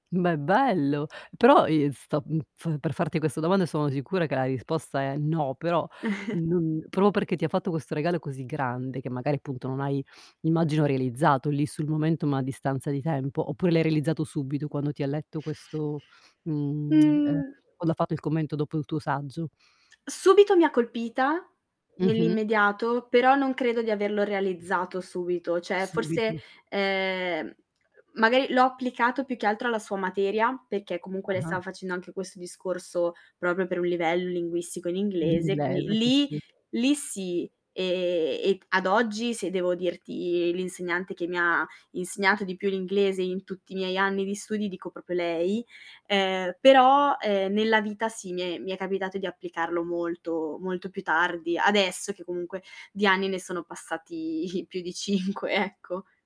Ma è bello. Però i sto, mhmm, f per farti questa domanda, e sono sicura che la risposta è "no", però non proprio perché ti ha fatto questo regalo così grande, che magari, appunto, non hai immagino realizzato lì sul momento, ma a distanza di tempo, oppure l'hai realizzato subito, quando ti ha letto questo, mhmm ehm Mh. quando ha fatto il commento dopo il tuo saggio? Subito mi ha colpita, Mh-mh. nell'immediato, però non credo di averlo realizzato subito, cioè forse, Subito. ehm, magari l'ho applicato più che altro alla sua materia perché comunque lei Ah-ah. stava facendo anche questo discorso proprio per un livello linguistico in Di in inglese, quindi breve che lì sì. lì sì, ehm, e ad oggi se devo dirti l'insegnante che mi ha insegnato di più l'inglese in tutti i miei anni di studi, dico proprio lei. Ehm, però, uhm, nella vita sì mi è mi è capitato di applicarlo molto, molto più tardi, adesso che comunque di anni ne sono passati più di 5 ecco.